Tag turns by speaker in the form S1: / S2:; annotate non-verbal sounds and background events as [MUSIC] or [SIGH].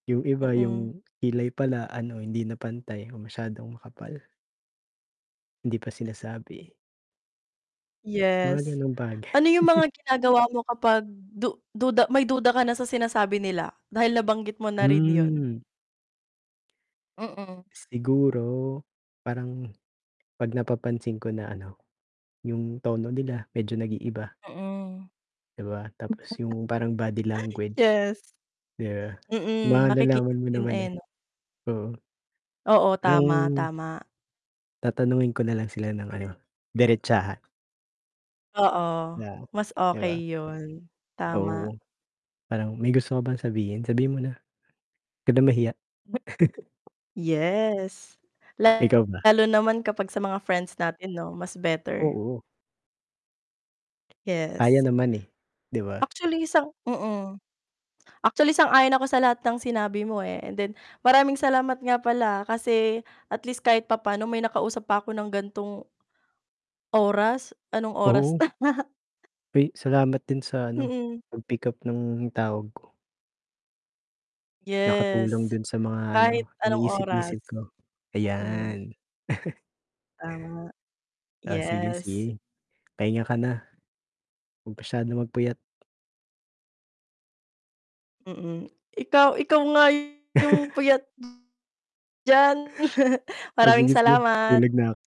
S1: Yung iba
S2: Mm.
S1: yung kilay pala ano hindi na pantay o masyadong makapal. Hindi pa sinasabi. Mga
S2: Yes,
S1: ganong bagay.
S2: ano yung
S1: [CHUCKLES]
S2: mga ginagawa mo kapag du du may duda ka na sa sinasabi nila, dahil nabanggit mo na rin yun.
S1: Hmm.
S2: Mm.
S1: Siguro, parang 'pag napapansin ko na ano, yung tono nila medyo nag-iiba.
S2: Mm.
S1: 'Di ba, tapos yung parang body
S2: [CHUCKLES]
S1: language,
S2: Yes.
S1: 'di ba,
S2: Mm, nakikita
S1: malalaman mo
S2: din
S1: naman,
S2: eh,
S1: eh.
S2: 'no?
S1: Oo.
S2: Oo, tama,
S1: Parang
S2: tama.
S1: tatanungin ko nalang sila ng ano, diretsahan.
S2: Oo,
S1: Na,
S2: mas
S1: 'di ba?
S2: okey yun, tama.
S1: Oo, parang, "May gusto ka bang sabihin, sabihin mo na. 'Wag ka na mahiya." [CHUCKLES]
S2: Yes,
S1: Ikaw ba?
S2: lalo naman kapag sa mga friends natin 'no, mas better.
S1: Oo. Kaya
S2: Yes.
S1: naman, eh, 'di ba?
S2: Actually sang mm, actually sang-ayon ako sa lahat ng sinabi mo, eh, and then, maraming salamat nga pala, ah, kasi at least kahit papaano may nakausap pa ako ng gan'tong oras, anong oras
S1: Oo.
S2: na. [CHUCKLES]
S1: Ay, salamat din sa ano,
S2: Mm.
S1: pag-pickup ng tawag ko. Nakatulong
S2: Yes,
S1: dun sa mga
S2: kahit
S1: ano,
S2: anong oras,
S1: iniisip-isip ko,
S2: mm.
S1: ayan. [CHUCKLES]
S2: Tama,
S1: Ah, sige,
S2: yes.
S1: sige. Pahinga ka na. Huwag masyadong magpuyat.
S2: Mm, ikaw ikaw nga yung
S1: [CHUCKLES]
S2: puyat diyan, [CHUCKLES]
S1: O
S2: maraming
S1: sige, sige,
S2: salamat.
S1: tulog na 'k